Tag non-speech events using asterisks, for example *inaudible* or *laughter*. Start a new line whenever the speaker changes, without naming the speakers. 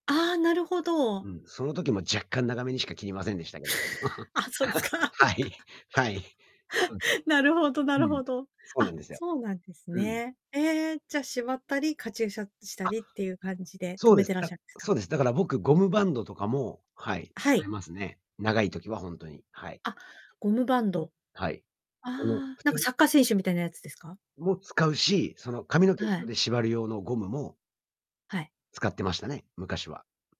ああ、なるほど。
うん、その時も若干長めにしか切りませんでしたけど。
あ、そうです
*laughs*
か。
はい。はい。そうすね、
*laughs* なるほど、な
う
る
ん。
ほど。
そうな
あ、
んですよ。
そうなんです
うん。
ね。ええ、じゃ縛ったり、カチューシャした
あ。
りっていう感じで、
そ
留
う
め
で
て
す、
らっし
だ
ゃるんですか？
そうです。だから僕ゴムバンドとかも、はい、
は
あ
い。
りますね。長い時は本当に、はい。
あ、ゴムバンド。
はい。
あ
あの
あ、
普
なんか
通
サッカー選手みたいなやつですか？
も使うし、その髪の毛を
は
ず
い。
で縛る用のゴムも
はい。
使ってましたね、昔は。